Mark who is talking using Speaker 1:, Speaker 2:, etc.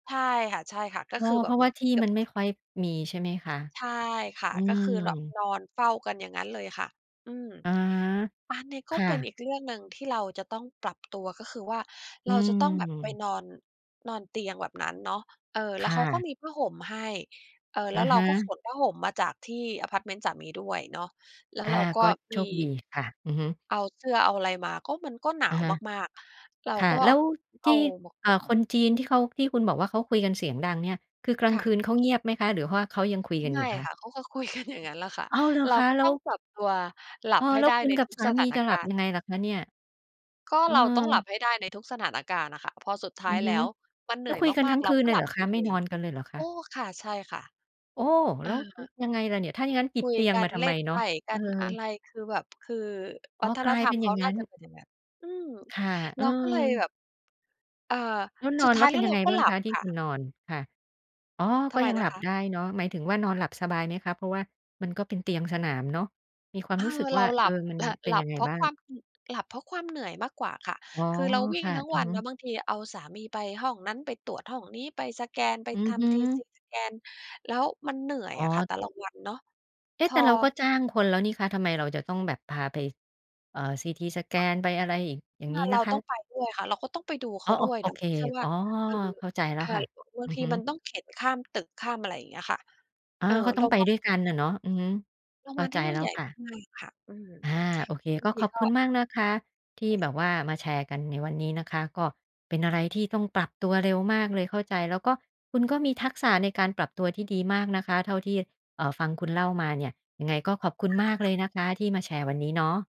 Speaker 1: ใช่ค่ะ ใช่ค่ะ ก็
Speaker 2: อ้อ
Speaker 1: คือแบ
Speaker 2: เพร
Speaker 1: บ
Speaker 2: าะ
Speaker 1: เหม
Speaker 2: ว
Speaker 1: ื
Speaker 2: ่
Speaker 1: อ
Speaker 2: า
Speaker 1: น
Speaker 2: ที่
Speaker 1: เกือ
Speaker 2: ม
Speaker 1: บ
Speaker 2: ันไ
Speaker 1: อ
Speaker 2: ม่
Speaker 1: ุ๊ย
Speaker 2: ค่อยมีใช่ไหมคะ?
Speaker 1: ใช่ ค่ะ
Speaker 2: อื
Speaker 1: ก็คือแบบ
Speaker 2: ม
Speaker 1: นอนเฝ้ากันอย่างงั้นเลยค่ะ อืม
Speaker 2: อา
Speaker 1: อันเนี้ยก
Speaker 2: ค
Speaker 1: ็
Speaker 2: ่
Speaker 1: เป็น
Speaker 2: ะ
Speaker 1: อีกเรื่องหนึ่งที่เราจะต้องปรับตัว ก็คือว่า
Speaker 2: อ
Speaker 1: เ
Speaker 2: ื
Speaker 1: ราจะต้องแบบไป
Speaker 2: ม
Speaker 1: นอน นอนเตียงแบบนั้นเนาะ เออ แ
Speaker 2: ค
Speaker 1: ล้ว
Speaker 2: ่
Speaker 1: เขาก็
Speaker 2: ะ
Speaker 1: มีผ้าห่มให้ เอ่อ แ
Speaker 2: อ
Speaker 1: ล้
Speaker 2: ะ
Speaker 1: วเร
Speaker 2: ฮ
Speaker 1: า
Speaker 2: ะ
Speaker 1: ก็ขนผ้าห่มมาจากที่อะพาร์ตเมนต์สามีด้วยเนาะ แล้ว
Speaker 2: อา
Speaker 1: เราก็
Speaker 2: ก็โช
Speaker 1: มี
Speaker 2: คดีค่ะ อือฮึ
Speaker 1: เอาเสื้อ เอาอะไรมา ก็มันก็หนา
Speaker 2: อะ
Speaker 1: ว
Speaker 2: ฮะ
Speaker 1: มาก ๆ เรา
Speaker 2: ค่ะ
Speaker 1: ก็
Speaker 2: แล้ว
Speaker 1: เอ
Speaker 2: ท
Speaker 1: า
Speaker 2: ี่
Speaker 1: มา
Speaker 2: เ
Speaker 1: ห
Speaker 2: อ่
Speaker 1: ่
Speaker 2: อ ค
Speaker 1: ม
Speaker 2: นจีนที่เขา ที่คุณบอกว่า เขาคุยกันเสียงดังเนี่ย คือกลา
Speaker 1: ค
Speaker 2: ง
Speaker 1: ่
Speaker 2: คื
Speaker 1: ะ
Speaker 2: นเขาเงียบไหมคะ? หรือว่าเขายังคุย
Speaker 1: ไ
Speaker 2: กัน
Speaker 1: ม
Speaker 2: อย
Speaker 1: ่
Speaker 2: ู่ค
Speaker 1: ค
Speaker 2: ะ?
Speaker 1: ่ะ เขาก็คุย กัน อย่างงั้นแหละค่ะ
Speaker 2: อ้าว! เหรอ
Speaker 1: เรา
Speaker 2: คะ?
Speaker 1: ก็
Speaker 2: แล้
Speaker 1: ต้อ
Speaker 2: ว
Speaker 1: งปรับตัวหลั
Speaker 2: เอ
Speaker 1: บ
Speaker 2: อ
Speaker 1: ให้
Speaker 2: แล้ว
Speaker 1: ได้
Speaker 2: คุ
Speaker 1: ใ
Speaker 2: ณ
Speaker 1: น
Speaker 2: กั
Speaker 1: ท
Speaker 2: บ
Speaker 1: ุก
Speaker 2: สา
Speaker 1: ส
Speaker 2: ม
Speaker 1: ถ
Speaker 2: ี
Speaker 1: าน
Speaker 2: จะหล
Speaker 1: ก
Speaker 2: ั
Speaker 1: า
Speaker 2: บ
Speaker 1: ร
Speaker 2: ย
Speaker 1: ณ
Speaker 2: ัง
Speaker 1: ์
Speaker 2: ไงล่ะคะเนี่ย?
Speaker 1: ก็
Speaker 2: เออ
Speaker 1: เราต้องหลับให้ได้ในทุกสถานการณ์น่ะ ค่ะ พอสุดท้
Speaker 2: อื
Speaker 1: าย
Speaker 2: อฮ
Speaker 1: แล
Speaker 2: ึ
Speaker 1: ้ว มันเหน
Speaker 2: แล้
Speaker 1: ื่
Speaker 2: ว
Speaker 1: อย
Speaker 2: คุยกัน
Speaker 1: มา
Speaker 2: ทั
Speaker 1: ก
Speaker 2: ้ง
Speaker 1: ๆ เร
Speaker 2: ค
Speaker 1: า
Speaker 2: ืน
Speaker 1: ก็
Speaker 2: เล
Speaker 1: ห
Speaker 2: ยเ
Speaker 1: ลั
Speaker 2: หร
Speaker 1: บ
Speaker 2: อ
Speaker 1: ไป
Speaker 2: คะ? ไ
Speaker 1: เ
Speaker 2: ม
Speaker 1: อ
Speaker 2: ่น
Speaker 1: ง
Speaker 2: อนกันเลยเหรอค
Speaker 1: โอ้
Speaker 2: ะ?
Speaker 1: ค่ะ ใช่ค่ะ
Speaker 2: โอ้!
Speaker 1: เอ
Speaker 2: แล้ว
Speaker 1: อ
Speaker 2: อ ยังไงล่ะเนี่ย? ถ้าอย่างงั้นติ
Speaker 1: ค
Speaker 2: ด
Speaker 1: ุ
Speaker 2: เ
Speaker 1: ย
Speaker 2: ตียง
Speaker 1: กั
Speaker 2: มา
Speaker 1: น
Speaker 2: ทำ
Speaker 1: เล
Speaker 2: ไ
Speaker 1: ่
Speaker 2: ม
Speaker 1: น
Speaker 2: เ
Speaker 1: ไ
Speaker 2: น
Speaker 1: พ
Speaker 2: าะ?
Speaker 1: ่ก
Speaker 2: เอ
Speaker 1: ั
Speaker 2: อ
Speaker 1: น อะไรคือแบบ คือ
Speaker 2: อ๋
Speaker 1: ว
Speaker 2: อ
Speaker 1: ัฒ
Speaker 2: ก
Speaker 1: น
Speaker 2: ลาย
Speaker 1: ธร
Speaker 2: เป
Speaker 1: ร
Speaker 2: ็
Speaker 1: ม
Speaker 2: น
Speaker 1: เ
Speaker 2: อ
Speaker 1: ข
Speaker 2: ย่า
Speaker 1: า
Speaker 2: งง
Speaker 1: น
Speaker 2: ั
Speaker 1: ่
Speaker 2: ้
Speaker 1: า
Speaker 2: น
Speaker 1: จะเป็นอย่างนั้น อืม
Speaker 2: ค่ะ
Speaker 1: เ
Speaker 2: เอ
Speaker 1: ราก็เลยแบ
Speaker 2: อ
Speaker 1: บ อ่า
Speaker 2: แล้วน
Speaker 1: ส
Speaker 2: อ
Speaker 1: ุด
Speaker 2: นแ
Speaker 1: ท
Speaker 2: ล้
Speaker 1: ้า
Speaker 2: ว
Speaker 1: ย
Speaker 2: เป
Speaker 1: แ
Speaker 2: ็
Speaker 1: ล้
Speaker 2: น
Speaker 1: ว
Speaker 2: ยั
Speaker 1: เร
Speaker 2: ง
Speaker 1: า
Speaker 2: ไง
Speaker 1: ก็
Speaker 2: บ้า
Speaker 1: ห
Speaker 2: ง
Speaker 1: ล
Speaker 2: ค
Speaker 1: ั
Speaker 2: ะ
Speaker 1: บ
Speaker 2: ที่
Speaker 1: ค่
Speaker 2: คุณ
Speaker 1: ะ
Speaker 2: นอน? ค่ะ อ๋อ
Speaker 1: ท
Speaker 2: ก็
Speaker 1: ำไม
Speaker 2: ยัง
Speaker 1: น
Speaker 2: หล
Speaker 1: ะ
Speaker 2: ับ
Speaker 1: คะ?
Speaker 2: ได้เนาะ หมายถึงว่า นอนหลับสบายไหมคะ? เพราะว่ามันก็เป็นเตียงสนามเนาะ มีควา
Speaker 1: เ
Speaker 2: ม
Speaker 1: ออ
Speaker 2: รู้สึก
Speaker 1: เ
Speaker 2: ว
Speaker 1: ร
Speaker 2: ่า
Speaker 1: าห
Speaker 2: เ
Speaker 1: ล
Speaker 2: ออ
Speaker 1: ับ
Speaker 2: มันเป็
Speaker 1: ห
Speaker 2: น
Speaker 1: ล
Speaker 2: ย
Speaker 1: ั
Speaker 2: ั
Speaker 1: บ
Speaker 2: งไง
Speaker 1: เพรา
Speaker 2: บ
Speaker 1: ะ
Speaker 2: ้า
Speaker 1: ค
Speaker 2: ง?
Speaker 1: วาม ห หลับเพราะความเหนื่อยมากกว่าค่ะ
Speaker 2: อ๋อ
Speaker 1: คือเราวิ่
Speaker 2: ค
Speaker 1: ง
Speaker 2: ่ะ
Speaker 1: ทั้ง
Speaker 2: อื
Speaker 1: ว
Speaker 2: อ
Speaker 1: ัน
Speaker 2: ฮึ
Speaker 1: นะ บางทีเอาสามีไปห้องนั้น ไปตรวจห้องนี้ ไปสแกน ไป
Speaker 2: อื
Speaker 1: ท
Speaker 2: อฮ
Speaker 1: ำ ทีซ
Speaker 2: ึ
Speaker 1: ีสแกน แล้วมันเหนื่อย
Speaker 2: อ๋
Speaker 1: อะค่ะ
Speaker 2: อ
Speaker 1: แต่ละวันเนาะ
Speaker 2: เอ๊
Speaker 1: พ
Speaker 2: ะ! แต
Speaker 1: อ
Speaker 2: ่เราก็จ้างคนแล้วนี่คะ ทำไมเราจะต้องแบบพาไป เอ่อ CT Scan ไปอะไรอีก อย่า
Speaker 1: ค
Speaker 2: งง
Speaker 1: ่
Speaker 2: ี
Speaker 1: ะ
Speaker 2: ้
Speaker 1: เ
Speaker 2: น
Speaker 1: รา
Speaker 2: ะค
Speaker 1: ต้อ
Speaker 2: ะ?
Speaker 1: งไปด้วยค่ะ เราก็ต้องไป ดูเ
Speaker 2: อ
Speaker 1: ข
Speaker 2: ๋อ
Speaker 1: า
Speaker 2: โ
Speaker 1: ด
Speaker 2: อ
Speaker 1: ้วย
Speaker 2: โอ
Speaker 1: เนาะ
Speaker 2: เค
Speaker 1: ไม่ใช่ว่
Speaker 2: อ
Speaker 1: า
Speaker 2: ๋อ
Speaker 1: เออ
Speaker 2: เข้าใจแล้
Speaker 1: ค
Speaker 2: ว
Speaker 1: ่ะ
Speaker 2: ค่ะ
Speaker 1: ล บา
Speaker 2: อื
Speaker 1: ง
Speaker 2: อ
Speaker 1: ที
Speaker 2: ฮึ
Speaker 1: มันต้อง เข็นข้ามตึก ข้ามอะไรอย่างเงี้ยค่ะ
Speaker 2: อ
Speaker 1: เ
Speaker 2: า
Speaker 1: อ่อ
Speaker 2: ก็ต
Speaker 1: โ
Speaker 2: ้
Speaker 1: ร
Speaker 2: อง
Speaker 1: ง
Speaker 2: ไป
Speaker 1: บา
Speaker 2: ด
Speaker 1: ล
Speaker 2: ้วยกัน
Speaker 1: ใหญ
Speaker 2: น่
Speaker 1: ่
Speaker 2: ะเนาะ อือฮึ
Speaker 1: โรง
Speaker 2: เข้
Speaker 1: บ
Speaker 2: า
Speaker 1: าล
Speaker 2: ใ
Speaker 1: ท
Speaker 2: จ
Speaker 1: ี่นู่
Speaker 2: แล
Speaker 1: น
Speaker 2: ้
Speaker 1: ใ
Speaker 2: ว
Speaker 1: หญ่
Speaker 2: ค่ะ
Speaker 1: มากค่ะ อืม
Speaker 2: อา โอเค
Speaker 1: บา
Speaker 2: ก
Speaker 1: ง
Speaker 2: ็
Speaker 1: ท
Speaker 2: ข
Speaker 1: ี
Speaker 2: อบ
Speaker 1: ก
Speaker 2: ค
Speaker 1: ็
Speaker 2: ุณมากนะคะ ที่แบบว่า มาแชร์กันในวันนี้นะคะ ก็เป็นอะไรที่ต้องปรับตัวเร็วมากเลย เข้าใจ แล้วก็คุณก็มีทักษะในการปรับตัวที่ดีมากนะคะ เท่าที่ อ่า ฟังคุณเล่ามาเนี่ย ยังไงก็ขอบคุ
Speaker 1: ไม
Speaker 2: ณ
Speaker 1: ่ห
Speaker 2: ม
Speaker 1: รอ
Speaker 2: า
Speaker 1: ก
Speaker 2: ก
Speaker 1: ค
Speaker 2: เ
Speaker 1: ่ะ
Speaker 2: ลยนะคะ ที่มาแชร์วันนี้เนาะ